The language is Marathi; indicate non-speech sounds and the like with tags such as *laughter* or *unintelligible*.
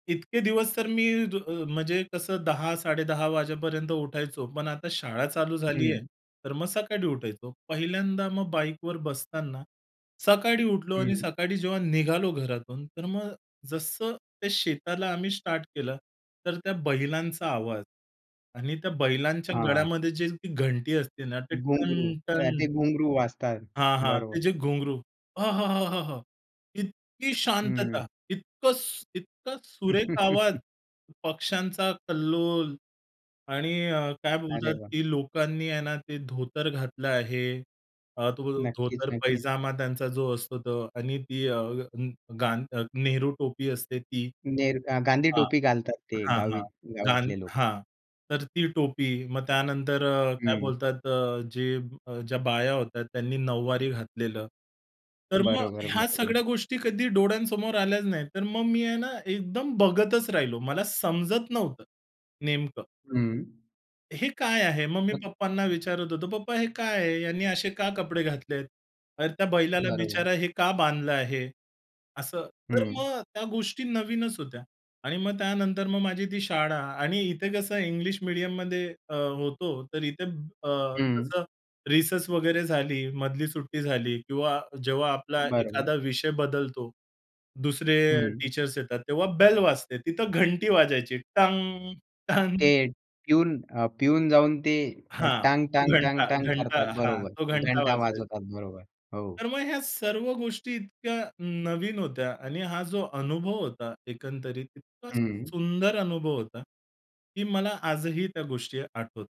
इतके दिवस तर मी ज अ, म्हणजे कसं 10:00-10.30 वाजेपर्यंत उठायचो. पण आता शाळा चालू झाली आहे, हं. तर मग सकाळी उठायचो. पहिल्यांदा मग बाईकवर बसताना सकाळी उठलो आणि हं. सकाळी जेव्हा निघालो घरातून, तर मग जसं ते शेताला आम्ही स्टार्ट केलं. तर त्या बैलांचा आवाज आणि त्या बैलांच्या हां. गळ्यामध्ये जे घंटी असते ना ते घुंगरू टन अ, टन ते घुंगरू वाचतात. हां, हां ते बरोबर. जे घुंगरू आहाहाहा! इतकी शांतता, हम्म. इतकं सू इतकं सुरेख आवाज, *laughs* पक्षांचा कल्लोल आणि अ, काय अरे बोलतात, वा! की लोकांनी आहे ना ते धोतर घातलं आहे. अ, तो नक्कीच, नक्कीच. धोतर-पैजामा त्यांचा जो असतो तो आणि ती अ, गां अ, नेहरू टोपी असते ती. नेहरू अ, गांधी हां. टोपी घालतात ते हां, गावी हां, गां गावातले लोकं. हां. तर ती टोपी. मग त्यानंतर अ, काय हं. बोलतात अ, जे ज्या बाया होत्या त्यांनी नऊवारी घातलेलं. तर मग बरोबर, ह्या बरोबर. सगळ्या गोष्टी कधी डोळ्यांसमोर आल्याच नाहीत. तर मग मी आहे ना एकदम बघतच राहिलो. मला समजत नव्हतं नेमकं. हम्म. हे काय आहे? मग मी *unintelligible* पप्पांना विचारत होतो. पप्पा हे काय आहे? यांनी असे का कपडे घातलेत? अरे त्या बैलाला बरोबर. बिचारा हे का बांधलं आहे? असं तर हं. मग त्या गोष्टी नवीनच होत्या. आणि मग त्यानंतर मग माझी ती शाळा आणि इथे कसं इंग्लिश मीडियममध्ये अ, होतो, तर इथे अ, हं. तसं रिसेस वगैरे झाली, मधली सुट्टी झाली किंवा जेव्हा आपला बरोबर. एखादा विषय बदलतो, दुसरे अ, हं. टीचर्स येतात, तेव्हा बेल वाजते. तिथं घंटी वाजायची टंग, ते टंग. पिऊन अ, पिऊन जाऊन ते अ, हां. टांग, तो टांग, घंटा, टांग, टांग घंटा, करतात. हां. बरोबर, तो घंटा. घंटा वाजवतात. बरोबर हो. तर मग ह्या सर्व गोष्टी इतक्या नवीन होत्या आणि हा जो अनुभव होता एकंदरीत इतका हं. सुंदर अनुभव होता, की मला आजही त्या गोष्टी आठवतात.